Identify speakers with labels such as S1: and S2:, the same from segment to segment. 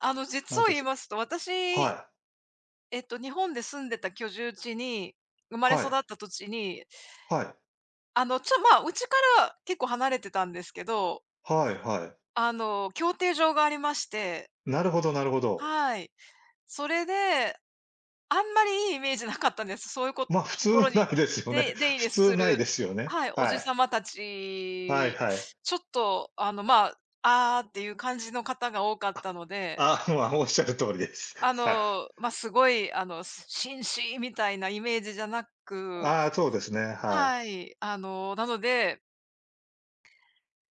S1: あの
S2: なの
S1: 実を
S2: で
S1: 言い
S2: す
S1: ますと、私、
S2: はい。
S1: えっと日本で住んでた居住地に生まれ
S2: は
S1: 育
S2: い。
S1: った土地に
S2: はい。
S1: あのちょ、まあ、うちから結構離れてたんですけど
S2: はいはい。
S1: あの競艇場がありまして。
S2: なるほどなるほど。
S1: はい。それで、あんまりいいイメージなかったんです。そういうこ
S2: ま、普通
S1: ところ
S2: な
S1: に、
S2: いですよね。
S1: で出入
S2: 普
S1: り
S2: 通
S1: す
S2: ない
S1: る
S2: ですよね、
S1: はい、お
S2: は
S1: じさ
S2: い。
S1: また
S2: はい
S1: ち、
S2: はい。
S1: ちょっとあのまあ「ああ」っていう感じの方が多かっ
S2: あ、
S1: たので。
S2: ああ、ま、仰る通りです。
S1: あ
S2: はい。
S1: の、ま、すごいあのす紳士みたいなイメージじゃなく。
S2: ああ、そうですね、はい。
S1: はい、あの、なので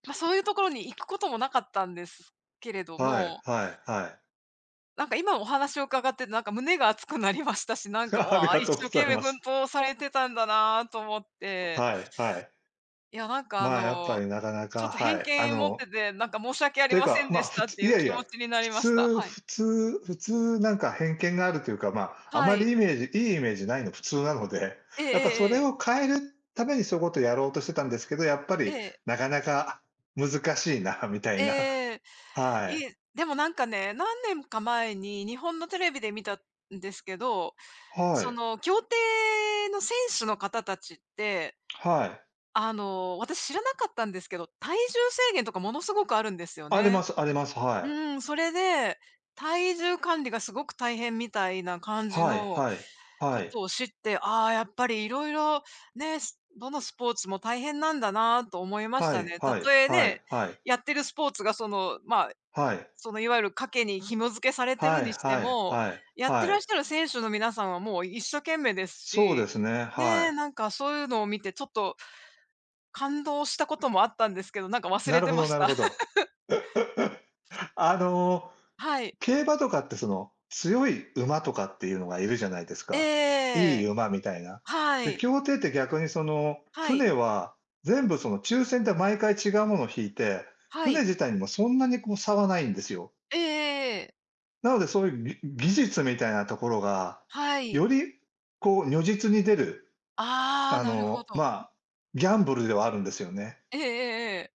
S1: ま、そういうところに行くこともなかったんですけれど
S2: はい
S1: も
S2: はいはい。
S1: なんか今お話を伺って、なんか胸が熱くなりましたし、な んか
S2: あり
S1: 「わあ、
S2: が
S1: 一
S2: とうご
S1: 生
S2: ざ
S1: 懸
S2: い
S1: 命、
S2: ま
S1: 奮
S2: す。
S1: 闘されてたんだな」と思って。
S2: はいはい。
S1: いや、なんかあ
S2: まあ、やっぱ
S1: の、
S2: り中
S1: ちょ
S2: 々
S1: っと
S2: は
S1: 偏
S2: い。あ
S1: 見持っ
S2: の
S1: てて、なんか申し訳あり
S2: てゆ
S1: ませ
S2: か、
S1: ん
S2: ま
S1: で
S2: あ
S1: し
S2: ふ
S1: たっ
S2: つ
S1: てい
S2: い
S1: う
S2: やい
S1: 気
S2: や、
S1: 持ちにな
S2: 普
S1: りました。
S2: 通
S1: はい。
S2: 普通普通なんか偏見があるというかまあ、あ
S1: は
S2: まり
S1: い。
S2: イメージ良いイメージないの普通なので、
S1: ええ
S2: やっぱそ
S1: えええ
S2: れ
S1: え。
S2: を変えるためにそういうことやろうとしてたんですけど、やっぱ
S1: え
S2: り
S1: え。
S2: 中々難しいなみたいな。
S1: ええ、
S2: はい。
S1: いでもなんかね、何年か前に日本のテレビで見たんですけど、
S2: は
S1: そ
S2: い。
S1: の競艇の選手の方達って、
S2: はい。
S1: あの私知らなかったんですけど、体重制限とかものすごくあるんですよ
S2: ありま
S1: ね。
S2: すあります、
S1: う
S2: はい。
S1: ん、それで、体重管理がすごく大変みたいな感じ
S2: はい
S1: の
S2: はい、
S1: こ
S2: はい。
S1: とを知って、ああやっぱり色々ね、どのスポーツも大変なんだなと思いまし
S2: は
S1: た
S2: い
S1: ね。
S2: はい
S1: 例え
S2: は
S1: ね、
S2: いはい。
S1: やってるスポーツがそのまあ
S2: はい。
S1: その、いわゆる賭けに紐づけされてる
S2: はい
S1: にして
S2: はい
S1: も、
S2: はい
S1: やって
S2: は
S1: らっ
S2: い。
S1: しゃる選手の皆さんはもう一生懸命です
S2: そうで
S1: し。
S2: すね、
S1: ね、
S2: はい。
S1: なんかそういうのを見てちょっと、感動したこともあったんですけど、なんか忘
S2: な
S1: れ
S2: る
S1: て
S2: ほ
S1: ま
S2: ど
S1: し
S2: なる
S1: た。
S2: ほど。あの
S1: はい。
S2: 競馬とかってその、強い馬とかっていうのがいるじゃないですか。い
S1: え
S2: い
S1: え。
S2: 馬みたいな。
S1: は
S2: で、
S1: い。
S2: 競艇って逆にその
S1: はい。
S2: 船は全部その抽選で毎回違うもの引いて、
S1: は
S2: 船
S1: い。
S2: 自体にもそんなにこう差はないんですよ。
S1: ええええ。
S2: なのでそういうぎ技術みたいなところが、
S1: は
S2: よ
S1: い。
S2: り、こう、如実に出る。
S1: ああ、
S2: あ
S1: なるほ
S2: のま
S1: ど。
S2: あ、ギャンブルではあるんですよね。
S1: ええええええ。